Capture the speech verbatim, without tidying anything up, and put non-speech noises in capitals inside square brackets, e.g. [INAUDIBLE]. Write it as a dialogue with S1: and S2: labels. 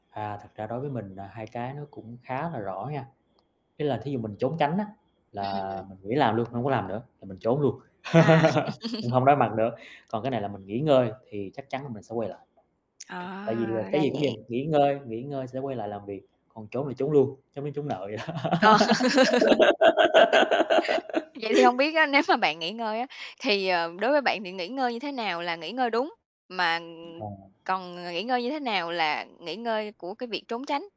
S1: À, thật ra đối với mình là hai cái nó cũng khá là rõ nha, ý là thí dụ mình trốn tránh á, là
S2: Ừm.
S1: mình nghỉ làm luôn, hông có làm nữa, là mình trốn luôn,
S2: À.. [LAUGHS]
S1: [LAUGHS] cũng hông đối mặt nữa, còn cái này là mình nghỉ ngơi thì chắc chắn là mình sẽ quay lại. Tại vì, à,
S2: À,
S1: cái
S2: ra
S1: gì cũng
S2: vậy.
S1: vậy, nghỉ ngơi nghỉ ngơi sẽ quay lại làm việc, còn trốn là trốn luôn, trốn như trốn nợ vậy đó.
S2: Ờ. [LAUGHS] Vậy thì hông
S1: [GIGGLES]
S2: biết á, nếu mà bạn nghỉ ngơi á, thì, ờ, đối với bạn thì nghỉ ngơi như thế nào là nghỉ ngơi đúng? Mà, ừm,
S1: À.
S2: còn, ờ, nghỉ ngơi như thế nào là nghỉ ngơi của cái việc trốn tránh?